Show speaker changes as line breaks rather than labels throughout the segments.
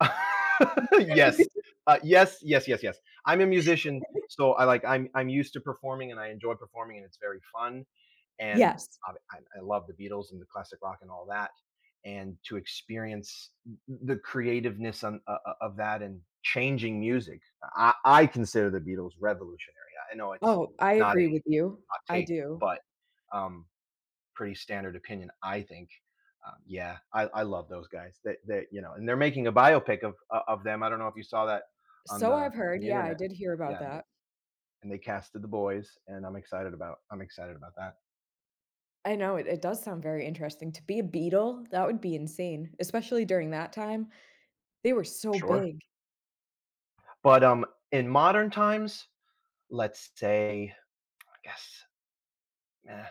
Yes, uh, yes, yes, yes, yes, I'm a musician, so I, like, I'm I'm used to performing and I enjoy performing and it's very fun, and
Yes.
I I I love the Beatles and the classic rock and all that. And to experience, uh, th the creativeness on, uh uh uh, of that and changing music, I I consider the Beatles revolutionary, I know it's
Oh, I
not
agree
a
with you,
hot
I
take,
do.
but, um, pretty standard opinion, I think, uh, yeah, I I love those guys, they they, you know, and they're making a biopic of, uh, of them I don't know if you saw that on
So
the
I've
on
heard,
the
yeah, I
internet,
did hear about
yeah they
that.
and they casted the boys, and, I'm excited about I'm excited about that.
I know it it does sound very interesting to be a Beatle, that would be insane, especially during that time. They were so
Sure.
big.
But, um, in modern times, let's say, I guess, meh,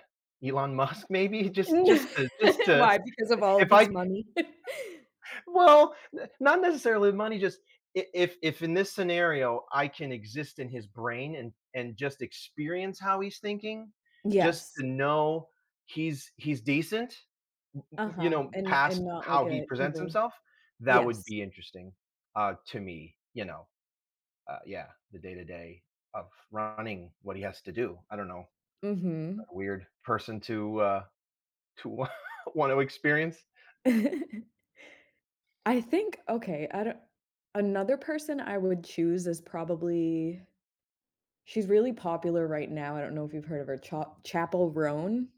Elon Musk, maybe, just just to just to,
Why, because of all of
if I c
his money?
well, n not necessarily money, just, i if if if in this scenario, I can exist in his brain and and just experience how he's thinking, just
Yes.
to know he's he's decent, you
Uh-huh,
know,
and
past
and not like
how he
an
presents
evil
himself, that would
yes.
be interesting, uh, to me, you know, uh, yeah, the day to day of running, what he has to do, I don't know. Uh,
Mhm.
weird person to, uh, to want to wanna experience.
I think okay, I don't another person I would choose is probably she's really popular right now, I don't know if you've heard of her, Cho Chappell Roan.